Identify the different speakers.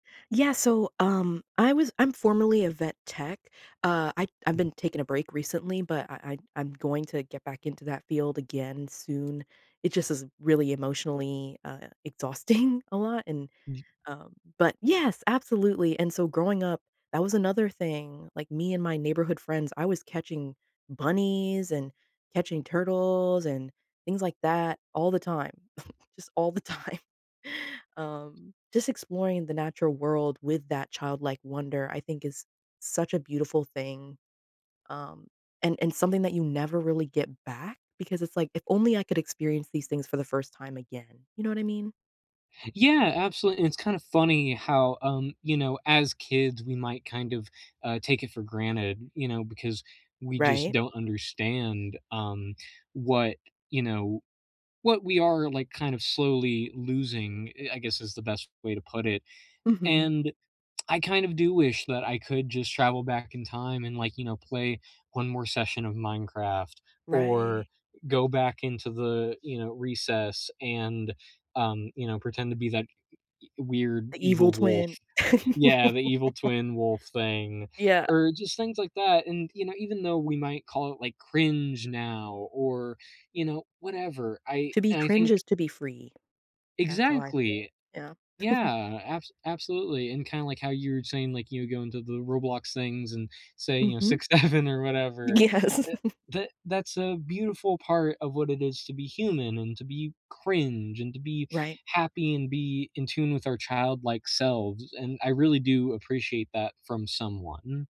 Speaker 1: Yeah, so, um, I was I'm formerly a vet tech, uh, I I've
Speaker 2: Mhm.
Speaker 1: been taking a break recently, but I I I'm going to get back into that field again soon. It just is really emotionally, uh, exhausting a lot, and,
Speaker 2: Mhm.
Speaker 1: uh, but yes, absolutely, and so growing up, that was another thing, like, me and my neighborhood friends I was catching bunnies and catching turtles and things like that all the time, just all the time. Um, just exploring the natural world with that childlike wonder, I think, is such a beautiful thing, um, and and something that you never really get back because it's like, if only I could experience these things for the 1st time again, you know what I mean?
Speaker 2: Yeah, absolute and it's kinda funny how, um, you know, as kids, we might kind of, uh, take it for granted, you know, because we just
Speaker 1: Right.
Speaker 2: don't understand, um, what, you know, what we are, like, kind of slowly losing, eh I guess is the best way to put it,
Speaker 1: Mhm.
Speaker 2: and I kind of do wish that I could just travel back in time and, like, you know play 1 more session of Minecraft or
Speaker 1: Righ
Speaker 2: go back into the, you know, recess and, um, you know pretend to be that uh e weird
Speaker 1: The evil
Speaker 2: evil wolf.
Speaker 1: twin.
Speaker 2: Yeah, the evil twin wolf thing,
Speaker 1: Yeah.
Speaker 2: or just things like that, and, you know, even though we might call it, like, "cringe" now or, you know, whatever, I
Speaker 1: To be
Speaker 2: and I
Speaker 1: cringe
Speaker 2: think
Speaker 1: is to be free. That's how I feel,
Speaker 2: Exactly.
Speaker 1: yeah.
Speaker 2: Yeah, abs absolutely, and kinda, like, how you're saying, like, you go into the Roblox things and say, you know,
Speaker 1: Mhm.
Speaker 2: 6, 7, or whatever.
Speaker 1: Yes.
Speaker 2: E the that's a beautiful part of what it is to be human and to be "cringe" and to be
Speaker 1: Right.
Speaker 2: happy and be in tune with our childlike selves, and I really do appreciate that from someone.